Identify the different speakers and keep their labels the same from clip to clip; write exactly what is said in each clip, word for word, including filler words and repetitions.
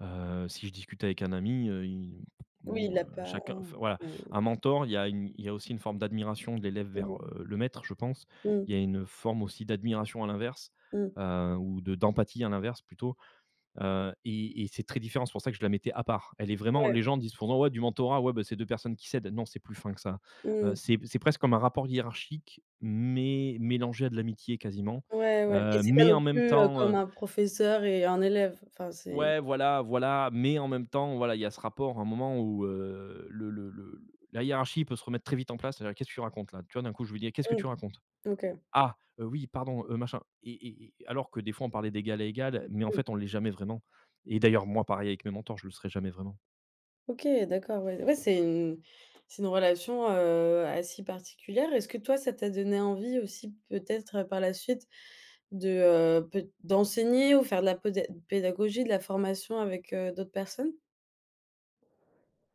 Speaker 1: Heu, si je discute avec un ami, heu, il
Speaker 2: Oui,
Speaker 1: bon,
Speaker 2: il
Speaker 1: heu,
Speaker 2: a pas,
Speaker 1: chacun
Speaker 2: heu
Speaker 1: enfin, voilà:
Speaker 2: heu
Speaker 1: un mentor, il y a il y a aussi une forme d'admiration de l'élève vers,
Speaker 2: Mmh.
Speaker 1: heu, le maître, je pense.
Speaker 2: Mmh.
Speaker 1: Il y a une forme aussi d'admiration à l'inverse,
Speaker 2: Mmh.
Speaker 1: heu, ou de d'empathie à l'inverse, plutôt. Heu, et et c'est très différent. C'est pour ça que je la mettais à part. Elle est vraiment
Speaker 2: Ouais.
Speaker 1: les gens disent pourtant: «Ouais, du mentorat, ouais, ben, c'est deux personnes qui s'aident». Non, c'est plus fin que ça.
Speaker 2: Mmh
Speaker 1: Heu,
Speaker 2: mh.
Speaker 1: c'est p c'est presque comme un rapport hiérarchique, mais mélangé à de l'amitié, quasiment.
Speaker 2: Ouais, ouais et
Speaker 1: Heu,
Speaker 2: c'est pas
Speaker 1: mais
Speaker 2: non
Speaker 1: en même
Speaker 2: plus, heu,
Speaker 1: temps, heu
Speaker 2: comme un professeur et un élève. Enfin, c'est
Speaker 1: Ouais, voilà, voilà. Mais en même temps, voilà, il y a ce rapport, à un moment, où, heu, le le le la hiérarchie peut se remettre très vite en place, voilà: «Qu'est-ce que tu racontes là?» Tu vois, d'un coup, je lui dis: «Eh! Qu'est-ce que
Speaker 2: Mmh.
Speaker 1: tu racontes»?
Speaker 2: OK.
Speaker 1: «Ah, heu, oui pardon, heu, machin.» Et et et alors que, des fois, on parlait d'égal à égal, mais, en
Speaker 2: Mmh.
Speaker 1: fait, on l'est jamais vraiment. Et d'ailleurs, moi, pareil avec mes mentors, je le serais jamais vraiment.
Speaker 2: OK, d'accord, ouais. Ouais, c'est une c'est une relation, heu, assez particulière. Est-ce que toi ça t'a donné envie aussi peut-être par la suite de, heu, peut d'enseigner ou faire de la poda pédagogie, de la formation avec, heu, d'autres personnes?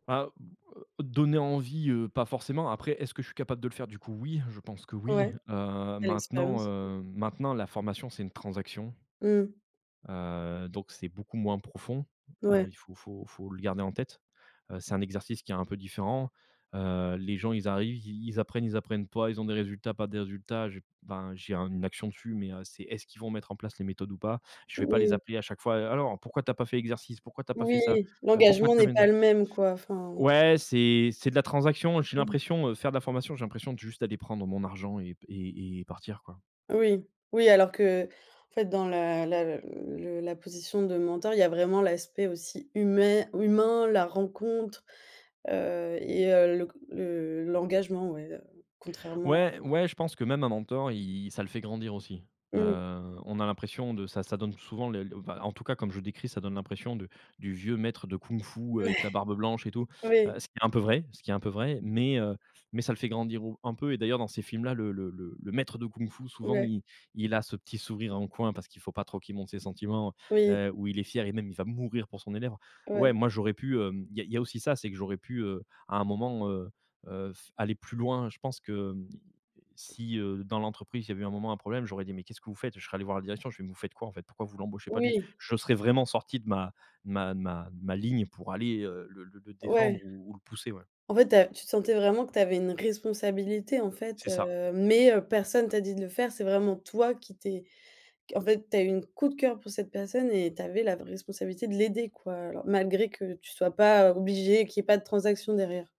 Speaker 1: Bah, b heu, donner envie, heu, pas forcément. Après, est-ce que je suis capable de le faire, du coup? Oui, je pense que, oui.
Speaker 2: Ouais.
Speaker 1: Heu,
Speaker 2: Tu as
Speaker 1: maintenant,
Speaker 2: l'expérience.
Speaker 1: heu, maintenant la formation, c'est une transaction,
Speaker 2: Mmh.
Speaker 1: heu, donc c'est beaucoup moins profond. Heu,
Speaker 2: Ouais.
Speaker 1: il faut faut faut le garder en tête. Heu, c'est un exercice qui est un peu différent. Heu, les gens, ils arrivent, ils ils apprennent, ils apprennent pas, ils ont des résultats, pas des résultats, j'ai enfin, j'ai un une action dessus, mais, heu, c'est, est-ce qu'ils vont mettre en place les méthodes ou pas? Je vais pas les
Speaker 2: Oui.
Speaker 1: appeler à chaque fois: «Alors, pourquoi tu as pas fait exercice? Pourquoi tu as pas fait
Speaker 2: Oui,
Speaker 1: ça? Heu, pourquoi
Speaker 2: l'engagement
Speaker 1: tu as?
Speaker 2: n'est pas
Speaker 1: [unintelligible]
Speaker 2: le même, quoi, enfin.
Speaker 1: Ouais, c'est c'est de la transaction. J'ai
Speaker 2: Mmh.
Speaker 1: l'impression, heu, faire de la formation, j'ai l'impression de juste aller prendre mon argent et p et et partir, quoi.
Speaker 2: Oui. Oui, alors qu'en fait dans la la le la position de mentor, il y a vraiment l'aspect aussi humè humain, la rencontre heu, et heu, le c le l'engagement, ouais, heu, contrairement
Speaker 1: Ouais,
Speaker 2: à
Speaker 1: ouais je pense que même un mentor, il ça le fait grandir aussi. Heu,
Speaker 2: Mmh.
Speaker 1: on a l'impression de ça ça donne souvent, le, l enfin, en tout cas comme je décris, ça donne l'impression de du vieux maître de Kung-fu avec
Speaker 2: Ouais.
Speaker 1: la barbe blanche et tout, heu
Speaker 2: Oui.
Speaker 1: ce qui est un peu vrai, ce qui est un peu vrai. Mais heu, mais ça le fait grandir au un peu et d'ailleurs dans ces films là, le le le le le maître de Kung-fu souvent,
Speaker 2: Ouais.
Speaker 1: il il a ce petit sourire en coin parce qu'il faut pas trop qu'il montre ses sentiments.
Speaker 2: Oui.
Speaker 1: Heu, ou il est fier et même il va mourir pour son élève.
Speaker 2: Ouais.
Speaker 1: Ouais, moi, j'aurais pu, heu... il y a il y a aussi ça, c'est que j'aurais pu heu, à un moment, heu heu, f aller plus loin. Je pense que, si, heu, dans l'entreprise, il y avait un moment un problème, j'aurais dit: «Mais qu'est-ce que vous faites»? Je serais allé voir la direction, je fais: «Mais vous faites quoi, en fait? Pourquoi vous l'embauchez pas, lui»?
Speaker 2: Oui.
Speaker 1: Je serais vraiment sorti de ma de ma de ma ma ligne pour aller, heu, le le le défendre
Speaker 2: Ouais.
Speaker 1: ou ou le pousser, ouais.
Speaker 2: En fait, tu as tu te sentais vraiment que tu avais une responsabilité, en fait,
Speaker 1: C'est ça!
Speaker 2: heu, mais heu, personne t'a dit de le faire: c'est vraiment toi qui t'es en fait, tu as eu une coup de cœur pour cette personne et tu avais la responsabilité de l'aider, quoi, alors malgré que tu sois pas obligé, qu'il y ait pas de transaction derrière.